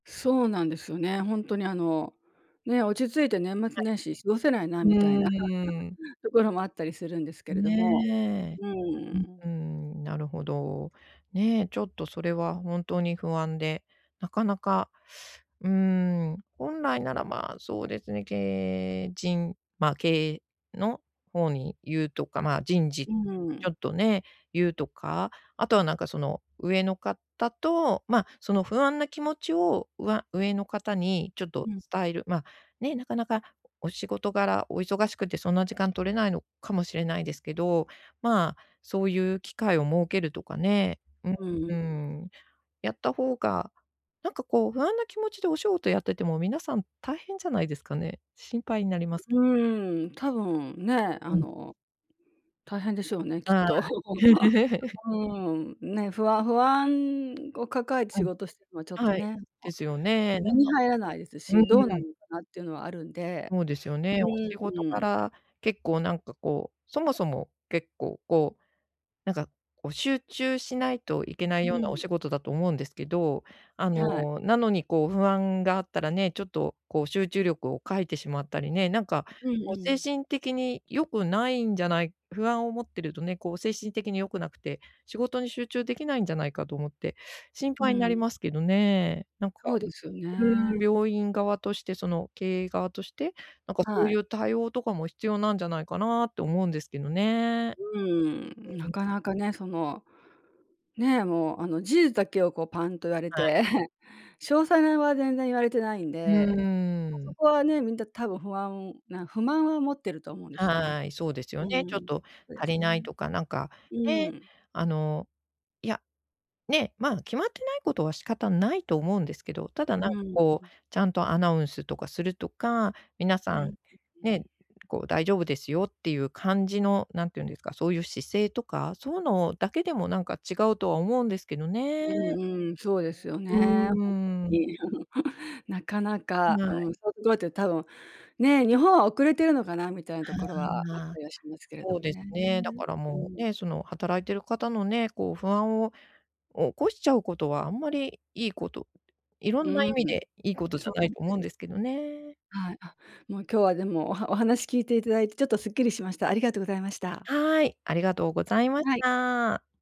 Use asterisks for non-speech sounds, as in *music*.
そうなんですよね。ほんとにあの、ね、落ち着いて年は末い。年始過ごせないなうみたいなーん。*chuckles* ところもあったりするんですけれども、ねえ、うーうん。うーん、なるほど。ね、ちょっとそれはほんとに不安で、なかなか、うーん、本来なら、まあ、そうですね、経営陣ま、経営のほうに言うとか、まあ、人事うとかりん。ちょっとね、言うとか、あとはなんかその、上のかたと、ま、その不安な気持ちを、うわ上のかたにちょっとうん。伝えるま、ね、なかなかお仕事柄、お忙しくてそんな時間取れないのかもしれないですけど、まあ、そういう機会を設けるとかね、ううん、ううん。ん、やった方が、なんかこう不安な気持ちでお仕事やってても皆さん大変じゃないですかね？心配になります。うーん、多分ね、あうん。の、大変でしょうね、きっはと。い。*laughs* *laughs* うん、ね、ふあ不安を抱えてう仕ん。事してんのはちょっとはい、ね。おですよね、な身んにか入らないですし、どううなんん。のかなっていうのはあるんで。そうですよね。うお仕ん、事うん。柄結構なんかこう、そもそも結構こう、なんかこう、集中しないといけないうようなおん。仕事だと思うんですけど、あはい。の、なのにこう不安があったらね、ちょっとこう集中力を欠いてしまったりね、なんかうんこうう精ん。神的に良くないんじゃない不安を持ってるとね、こう精神的に良くなくて、仕事に集中できないんじゃないかと思って心う配になん。りますけどね。なんかそうですようーん、ね。病院側として、その経営側として、なんかそうはいい。う対応とかも必要なんじゃないかなって思うんですけどね。うん、うなん。かなかね、その、ね、もうあの、事実だけをこうパンと言われはい。て、*chuckles* 詳細は全然言われてないんうで、ーあそん。こはね、みんな多分不安な不満は持ってると思うんですね。はい、そうですようね。ちょっん、とそうで足すりないね。とかなんか、うね、ん。あのいや、ね、まあ、決まってないことは仕方ないと思うんですけど、ただなうんかん、こう、う。ちゃんとアナウンスとかするとか、皆うさん、ん、ううん。ね、こう「大丈夫ですよ」っていう感じの、何て言うんですか、そういう姿勢とか、そうのだけでもなんか違うとは思うんですけどうね。んうん、そうですようね。ーほんとん。に。*chuckles* なかなかはうい。ん、そうごえて多分、ね、日本は遅れてるのかなみたいなところは、あっはあ、たりはしますけれどそうもですね、ね。だからうもう、ん。ね、その働いてる方のね、こう不安を起こしちゃうことはあんまりいいこと色うんな意ん、味でいいことじそゃうなないんでと思すうんよ。ですけどね。はい。あ、もう今日はでも、おはお話聞いていただいてちょっとスッキリしました。ありがとうございました。はい、ありがとうございましはい。た。